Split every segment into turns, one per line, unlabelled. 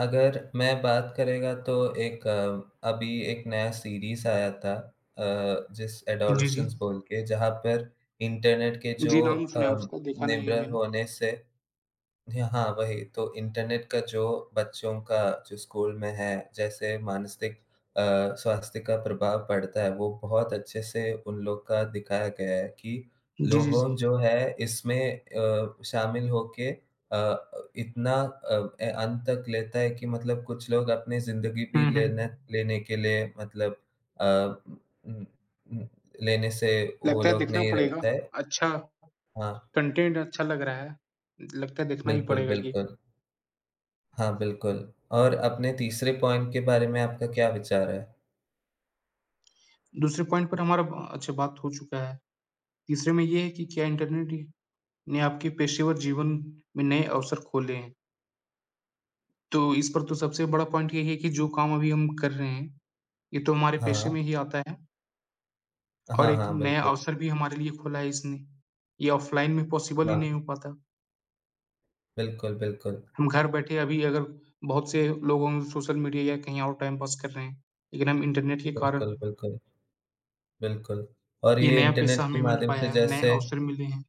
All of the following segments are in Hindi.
अगर मैं बात करेगा तो एक अभी एक नया सीरीज़ आया था, अ, जिस
जी,
अडोलेसेंस
जी।
बोल के, जहाँ पर इंटरनेट के जो
जी, नाम सुना है
अम,
उसका, देखा नहीं है
निर्भर
मैंने।
होने से जी हाँ वही। तो इंटरनेट का जो बच्चों का जो स्कूल में है, जैसे मानसिक अ, स्वास्थ्य का प्रभाव पड़ता है, वो बहुत अच्छे से उन लोग का दिखाया गया है कि
जी, जी,
लोगों
जी।
जो है इसमें अ, शामिल होके अ अ, इतना अ, ए अंत तक लेता है कि मतलब कुछ लोग अपनी जिंदगी भी
हुँ, हुँ।
लेने लेने के लिए मतलब अ, उ उम उम, लेने से वो
लगता है
लोग
देखना
नहीं
पड़ेगा,
रहता है।
अच्छा
हाँ।
कंटेंट अच्छा लग रहा है, लगता है देखना ही
बिल्कुल,
पड़ेगा ये।
बिल्कुल। हाँ बिल्कुल। और अपने तीसरे पॉइंट के बारे में आपका क्या विचार है?
दूसरे पॉइंट पर हमारा ब अच्छा बात हो चुका है। तीसरे में ये है कि क्या इंटरनेट ही ने आपके पेशेवर जीवन में नए अवसर खोले हैं? तो इस पर तो सबसे बड़ा पॉइंट यही है कि जो काम अभी हम कर रहे हैं, ये तो हमारे पेशे
हाँ।
में ही आता है। और
हाँ,
एक
हाँ।
नया
बिल्कुल।
अवसर भी हमारे लिए खोला है इसने, ये ऑफ़लाइन में पॉसिबल ही नहीं
हाँ।
हो पाता।
बिल्कुल, बिल्कुल।
हम घर बैठे अभी अगर बहुत से लोगों सोशल मीडिया या कहीं और टाइम पास कर रहे हैं, लेकिन हम इंटरनेट के कारण
बिल्कुल, बिल्कुल। बिल्कुल और
ये
ये
नया
इंटरनेट
पेशा हमें
के
मिल
माध्यम
पाया
से
है, नए
जैसे
अवसर मिलें हैं।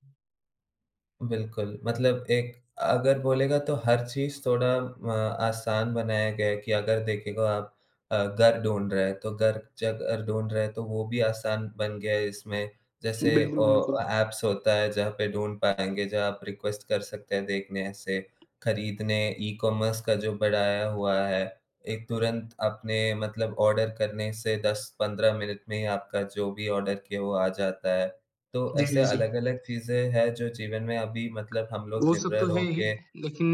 बिल्कुल, मतलब एक अगर बोलेगा तो हर चीज़ थोड़ा म आसान बनाया गया है कि अगर देखेगो आप अ, घर ढूँढ रहे हैं तो घर ज घर ढूँढ रहे हैं तो वो भी आसान बन गया है इसमें। जैसे
बिल्कुल,
ओ अ,
बिल्कुल।
ऐप्स होता है जहाँ पे ढूँढ पाएँगे, जहाँ आप रिक्वेस्ट कर सकते हैं देखने से, खरीदने ई-कॉमर्स का जो बढ़ाया हुआ है, एक तुरंत आपने मतलब आर्डर करने से 10-15 मिनट में ही आपका जो भी आर्डर किया वो आ जाता है। तो
जी,
ऐसे
जी, जी।
अलग-अलग चीज़ें हैं जो जीवन में अभी मतलब हम लोग
वो सब
निर्भर
तो है ही,
होके
लेकिन